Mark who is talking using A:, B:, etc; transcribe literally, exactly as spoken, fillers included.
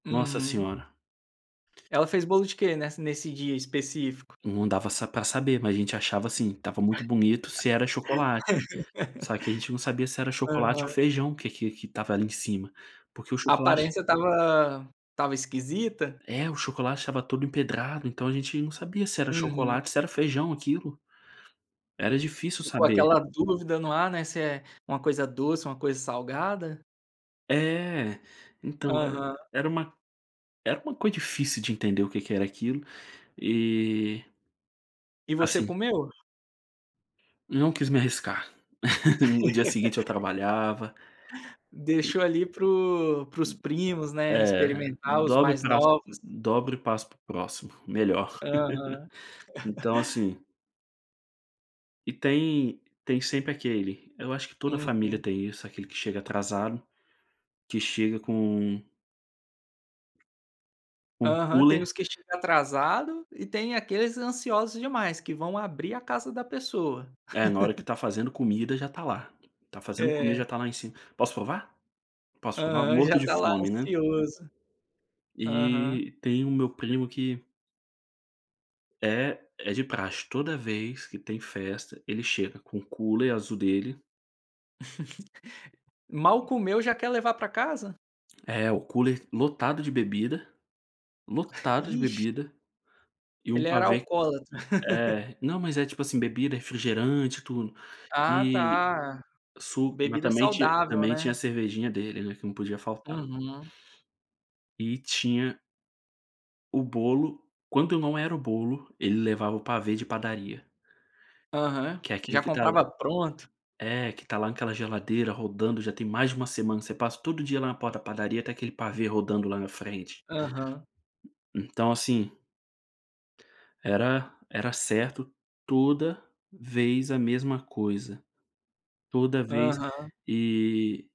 A: Nossa
B: Uhum.
A: senhora.
B: Ela fez bolo de que, nessa nesse dia específico?
A: Não dava sa para saber, mas a gente achava, assim, estava muito bonito, se era chocolate. Só que a gente não sabia se era chocolate ou
B: Aham.
A: feijão que que que estava ali em cima, porque o
B: A
A: chocolate
B: aparência estava estava esquisita?
A: É, o chocolate estava todo empedrado, então a gente não sabia se era
B: Uhum.
A: chocolate, se era feijão, aquilo. Era difícil
B: Ficou
A: saber.
B: aquela dúvida no ar, né, se é uma coisa doce, uma coisa salgada.
A: É. Então e
B: Aham.
A: era uma era uma coisa difícil de entender o que que era aquilo, e
B: E você
A: assim
B: comeu?
A: Não quis me arriscar. no dia seguinte eu trabalhava
B: Deixou ali para os para os primos, né,
A: É,
B: experimentar, os
A: dobre
B: mais
A: pra
B: novos.
A: dobro e passo para o próximo. Melhor.
B: Aham.
A: Então assim E tem tem sempre aquele, eu acho que toda a família
B: Uhum.
A: tem isso, aquele que chega atrasado, que chega com com
B: Aham. Tem os
A: cooler
B: que chegam atrasado e tem aqueles ansiosos demais, que vão abrir a casa da pessoa.
A: É, na hora que está fazendo comida, já está lá. Está fazendo comida,
B: É.
A: já está lá em cima, "Posso provar? Posso provar?".
B: Aham, já
A: Morto de
B: está lá
A: fome, né.
B: ansioso. Aham.
A: E tem o meu primo que eh, é de praxe, toda vez que tem festa, ele chega com o cooler azul dele
B: Mal comeu, já quer levar para casa?
A: É, o cooler lotado de bebida, lotado de
B: Ixe.
A: bebida, e um
B: Ele era
A: pavê
B: alcoólatra.
A: é, não mas é, tipo assim, bebida, refrigerante, tudo,
B: Ah,
A: e
B: tá.
A: su mas
B: Bebida
A: também tinha
B: saudável,
A: também tinha a
B: né.
A: cervejinha dele, né, que não podia faltar.
B: Uhum.
A: E tinha o bolo, quando eu não era o bolo, ele levava o pavê de padaria.
B: Aham.
A: Que é
B: Já
A: aquilo que está
B: comprava
A: lá
B: pronto.
A: é, que está lá naquela geladeira rodando, já tem mais de uma semana. Você passa todo dia lá na porta padaria, está aquele pavê rodando lá na frente.
B: Aham.
A: Então assim era era certo, toda vez a mesma coisa. Toda vez
B: Aham.
A: e